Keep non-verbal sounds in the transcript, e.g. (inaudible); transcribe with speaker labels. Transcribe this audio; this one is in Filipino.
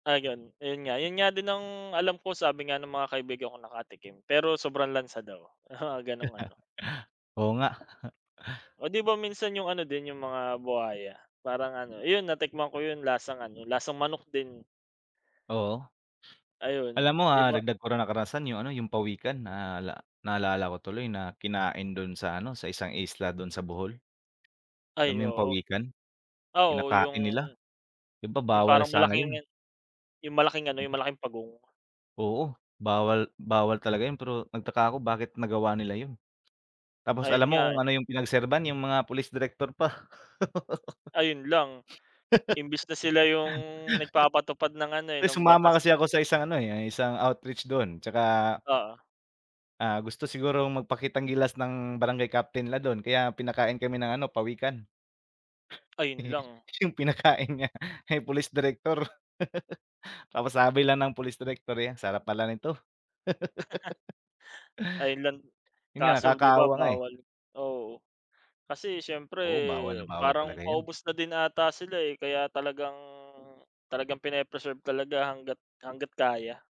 Speaker 1: Ayun, ayun nga. 'Yon nga din ang alam ko, sabi nga ng mga kaibigan kong nakatikim. Pero sobrang lansa daw, oo, gano'ng ano.
Speaker 2: (chuckles) Oo nga. (chuckles)
Speaker 1: O, 'di ba, minsan yung ano din, yung mga buwaya, parang ano, 'yon natikman ko 'yon, lasang ano, lasang manok din.
Speaker 2: Oo.
Speaker 1: Ayun.
Speaker 2: Alam mo,
Speaker 1: 'Di
Speaker 2: ah,
Speaker 1: ba
Speaker 2: dagdag ko ra na karanasan yung ano, yung pawikan. Naala naalala ko tuloy na, kinain do'n sa ano, sa isang isla do'n sa Bohol. Alam
Speaker 1: Ay,
Speaker 2: mo yung
Speaker 1: oo.
Speaker 2: pawikan?
Speaker 1: Ah, oo, yung,
Speaker 2: Kinakain nila. 'Di ba,
Speaker 1: yung
Speaker 2: bawal
Speaker 1: parang
Speaker 2: sana yun.
Speaker 1: malaking, yung malaking ano, yung malaking pagong.
Speaker 2: Oo, bawal bawal talaga 'yon, pero nagtaka ako bakit nagawa nila 'yon? Tapos
Speaker 1: Ayun
Speaker 2: alam mo
Speaker 1: nga, eh.
Speaker 2: kung ano yung pinagserban? Yung mga pulis direktor pa. (laughs)
Speaker 1: Ayun lang. Imbis na sila yung, nagpapatupad ng ano,
Speaker 2: (laughs)
Speaker 1: eh,
Speaker 2: Ay,
Speaker 1: ng batas.
Speaker 2: sumama kasi ako sa isang ano eh, yung isang outreach do'n, tsaka
Speaker 1: Oo.
Speaker 2: Ah, gusto siguro magpakitang gilas ng, barangay Captain nila do'n, kaya pinakain kami ng ano, pawikan.
Speaker 1: Ayun
Speaker 2: Eh,
Speaker 1: lang.
Speaker 2: yung pinakain niya, eh, police director. (laughs) Tapos sabi lang ng police director eh, "Ang sarap pala nito".
Speaker 1: (laughs)
Speaker 2: (laughs)
Speaker 1: Island
Speaker 2: Yun nga,
Speaker 1: kaso, 'di ba,
Speaker 2: nakakaawa nga, eh.
Speaker 1: bawal, oo. Kasi, syempre
Speaker 2: Oo. Bawal na bawal
Speaker 1: parang
Speaker 2: talaga yan.
Speaker 1: paubos na din ata sila, eh. Kaya talagang talagang pini-preserve talaga hangga't, hangga't kaya.